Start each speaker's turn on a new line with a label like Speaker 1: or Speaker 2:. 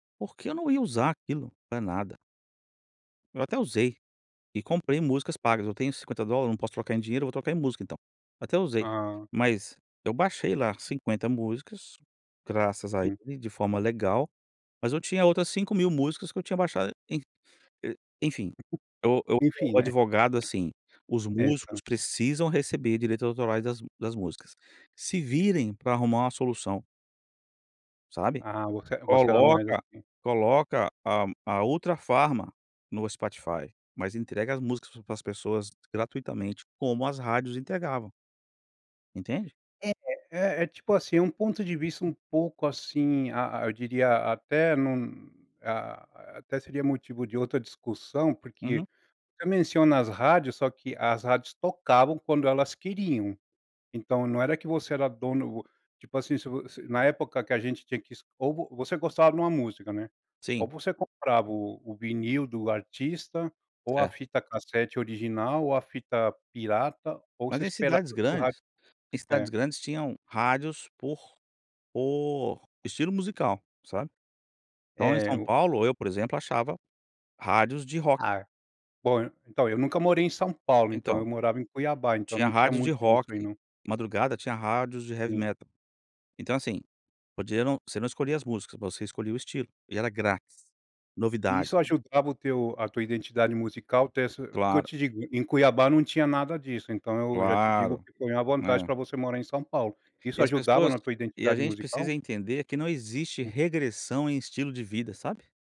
Speaker 1: Porque eu não ia usar aquilo pra nada. Eu até usei e comprei músicas pagas. Eu tenho $50, não posso trocar em dinheiro, eu vou trocar em música então. Até usei,
Speaker 2: Hã.
Speaker 1: mas eu baixei lá 50 músicas, graças a
Speaker 2: [unintelligible]
Speaker 1: ele, de forma legal, mas eu tinha outras 5000 músicas que eu tinha baixado em e enfim. Eu eu
Speaker 2: Enfim,
Speaker 1: [unintelligible]
Speaker 2: né.
Speaker 1: advogado, assim, os
Speaker 2: É,
Speaker 1: músicos
Speaker 2: então.
Speaker 1: precisam receber direitos autorais das m das músicas. Se virem pra arrumar uma solução. Sabe,
Speaker 2: Ah, você você era mais
Speaker 1: coloca
Speaker 2: assim.
Speaker 1: coloca a a Ultrafarma no Spotify, mas entrega as músicas para as pessoas gratuitamente, como as rádios entregavam. Entende?
Speaker 2: É é é tipo assim, é um ponto de vista um pouco, assim, a a eu diria até num, ah, até seria motivo de outra discussão, porque
Speaker 1: Uhum.
Speaker 2: você menciona as rádios, só que as rádios tocavam quando elas queriam. Então, não era que você era dono, tipo, assim, se vo se na época que a gente tinha que es ou você gostava de uma música, né, ou
Speaker 1: Sim.
Speaker 2: você comprava o o vinil do artista, ou a
Speaker 1: Cer
Speaker 2: fita cassete original, ou a fita pirata, ou você
Speaker 1: Mas em
Speaker 2: esperava
Speaker 1: cidades
Speaker 2: ir para o rádio
Speaker 1: grandes, em cidades
Speaker 2: é.
Speaker 1: grandes tinham rádios por por estilo musical, sabe. Então em
Speaker 2: É,
Speaker 1: São
Speaker 2: o
Speaker 1: Paulo, eu por exemplo, achava rádios de rock.
Speaker 2: Ah, bom, então eu nunca morei em São Paulo, então eu
Speaker 1: Então.
Speaker 2: morava em Cuiabá, então
Speaker 1: Tinha
Speaker 2: não tinha
Speaker 1: rádios de
Speaker 2: muito
Speaker 1: rock,
Speaker 2: disso aí
Speaker 1: de
Speaker 2: não.
Speaker 1: madrugada tinha rádios de heavy
Speaker 2: Sim.
Speaker 1: metal. Então assim, podia não você não escolhia as músicas, mas você escolhia o estilo e era grátis, novidade.
Speaker 2: Isso ajudava o teu a tua identidade musical ter essa porque eu
Speaker 1: Claro.
Speaker 2: te digo, em Cuiabá não tinha nada disso, então eu já te digo
Speaker 1: Claro,
Speaker 2: que foi uma vantagem
Speaker 1: é.
Speaker 2: pra você morar em São Paulo.
Speaker 1: E
Speaker 2: Isso
Speaker 1: as
Speaker 2: ajudava
Speaker 1: pessoas
Speaker 2: na tua
Speaker 1: e a
Speaker 2: identidade
Speaker 1: gente
Speaker 2: musical?
Speaker 1: precisa entender que não existe regressão em estilo de vida, sabe.